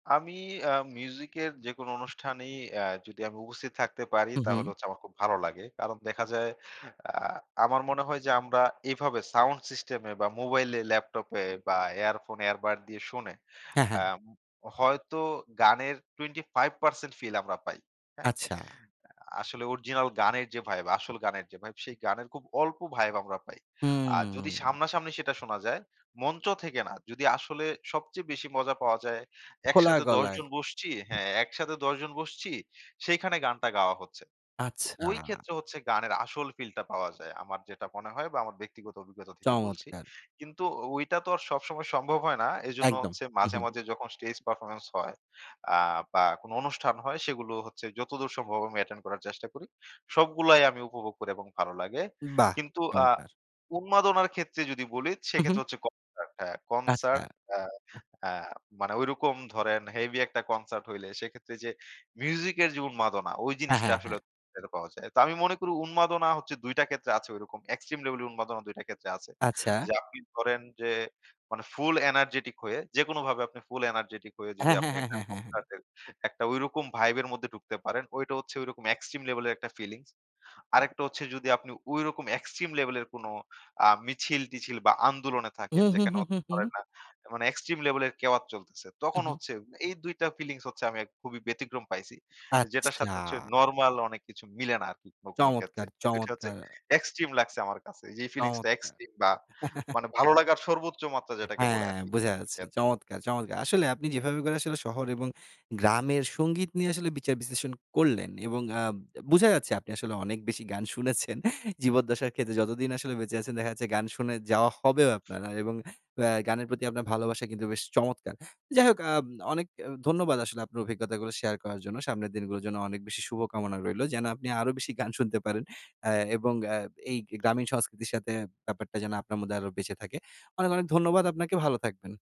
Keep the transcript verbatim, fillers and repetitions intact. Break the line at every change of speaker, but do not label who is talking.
আমি আ মিউজিকের যেকোনো অনুষ্ঠানেই আ যদি আমি উপস্থিত থাকতে পারি।
হুম,
তাহলে
হুম।
হচ্ছে আমার খুব ভালো লাগে। কারণ দেখা যায় আ আমার মনে হয় যে, আমরা এভাবে সাউন্ড সিস্টেম এ বা মোবাইলে, ল্যাপটপে বা এয়ারফোন, এয়ারবাড দিয়ে শুনে
হ্যাঁ,
আ
হ্যাঁ।
ম হয়তো গানের টোয়েন্টি ফাইভ পার্সেন্ট ফিল আমরা পাই, হ্যাঁ?
আচ্ছা।
আ আসলে অরিজিনাল গানের যে ভাইব আসল গানের যে ভাইব, সেই গানের খুব অল্প ভাইব আমরা পাই। আর যদি
হুম।
সামনাসামনি সেটা শোনা যায়, মঞ্চ থেকে না যদি আসলে সবচেয়ে বেশি মজা পাওয়া যায়,
খোলা
একসাথে দশ
গলায়।
জন বসছি হ্যাঁ, একসাথে দশ জন বসছি সেখানে গানটা গাওয়া হচ্ছে। তো
আচ্ছা।
ঐ ক্ষেত্রে হচ্ছে গানের আসল ফিলটা পাওয়া যায়, আমার যেটা মনে হয়, বা আমার ব্যক্তিগত অভিজ্ঞতা থেকে বলছি।
চমৎকার!
কিন্তু ওইটা তো আর সবসময় সম্ভব হয় না। এজন্য
একদম,
হচ্ছে
হুম,
মাঝে,
হুম।
মাঝে যখন স্টেজ পারফরম্যান্স হয়, আ বা কোন অনুষ্ঠান হয়, সেগুলো হচ্ছে যতদূর সম্ভব আমি অ্যাটেন্ড করার চেষ্টা করি। সবগুলাই আমি উপভোগ করি, এবং ভালো লাগে
বাহ!
কিন্তু আ
চমৎকার!
উন্মাদনার ক্ষেত্রে যদি বলি,
হু, হু।
সেক্ষেত্রে হচ্ছে কনসার্ট হ্যাঁ,
আচ্ছা।
কনসার্ট আ
আহ
আ মানে ওইরকম ধরেন হেভি একটা কনসার্ট হইলে, সেক্ষেত্রে যে মিউজিকের যে উন্মাদনা ওই
হ্যাঁ,
জিনিসটা
হ্যাঁ,
আসলে
হ্যাঁ।
যেটা পাওয়া যায়। তো আমি মনে করি উন্মাদনা হচ্ছে দুই টা ক্ষেত্রে আছে ঐরকম এক্সট্রিম লেভেলের উন্মাদনা দুই টা ক্ষেত্রে আছে।
আচ্ছা।
যে আপনি ধরেন যে মানে, ফুল এনার্জেটিক হয়ে যেকোনোভাবে আপনি ফুল এনার্জেটিক হয়ে যদি
হ্যাঁ, হ্যাঁ,
আপনি
হ্যাঁ,
একটা
হ্যাঁ, হ্যাঁ, হ্যাঁ।
কনসার্টে, একটা ওইরকম ভাইবের মধ্যে ঢুকতে পারেন, ওইটা হচ্ছে ওইরকম এক্সট্রিম লেভেলের একটা ফিলিংস। আরেকটা হচ্ছে যদি আপনি ওইরকম এক্সট্রিম লেভেলের কোন আ মিছিল-টিছিল, বা আন্দোলনে থাকেন,
হুম, হুম,
যেখানে
হুম,
হতে
হুম, হুম।
পারে না মানে এক্সট্রিম লেভেলের কেওয়াত চলতেছে।
হুম,
তখন
হুম।
হচ্ছে, এই দুই টা ফিলিংস হচ্ছে আমি খুবই ব্যতিক্রম পাইছি, যেটার
আচ্ছা।
সাথে হচ্ছে নরমাল অনেক কিছু মিলে না আরকি কোন, কোন ক্ষেত্রে
চমৎকার,
এই দুইটা হচ্ছে
চমৎকার!
এক্সট্রিম লাগছে আমার কাছে। এই যেই ফিলিংসটা
চমৎকার!
এক্সট্রিম বা মানে ভালো লাগার সর্বোচ্চ মাত্রা যেটাকে বলে
হ্যাঁ,
আরকি।
বোঝা
[unintelligible]
যাচ্ছে
খেত
চমৎকার, চমৎকার! আসলে আপনি যেভাবে করে শহর এবং গ্রামের সংগীত নিয়ে আসলে বিচার বিশ্লেষণ করলেন, এবং আ বোঝা যাচ্ছে আপনি আসলে অনেক বেশি গান শুনেছেন। জীবদ্দশার ক্ষেত্রে যতদিন আসলে বেঁচে আছেন, দেখা যাচ্ছে গান শুনে যাওয়া হবেও আপনার, এবং আ গানের প্রতি আপনার ভালোবাসা কিন্তু বেশ চমৎকার! যাই হোক আব অনেক আ ধন্যবাদ আসলে আপনার অভিজ্ঞতাগুলো শেয়ার করার জন্য। সামনের দিনগুলোর জন্য অনেক বেশি শুভকামনা রইলো, যেন আপনি আরো বেশি গান শুনতে পারেন, আ এবং আ এই গ্রামীণ সংস্কৃতির সাথে ব্যাপারটা যেন আপনার মধ্যে আরো বেঁচে থাকে। অনেক, অনেক ধন্যবাদ আপনাকে। ভালো থাকবেন।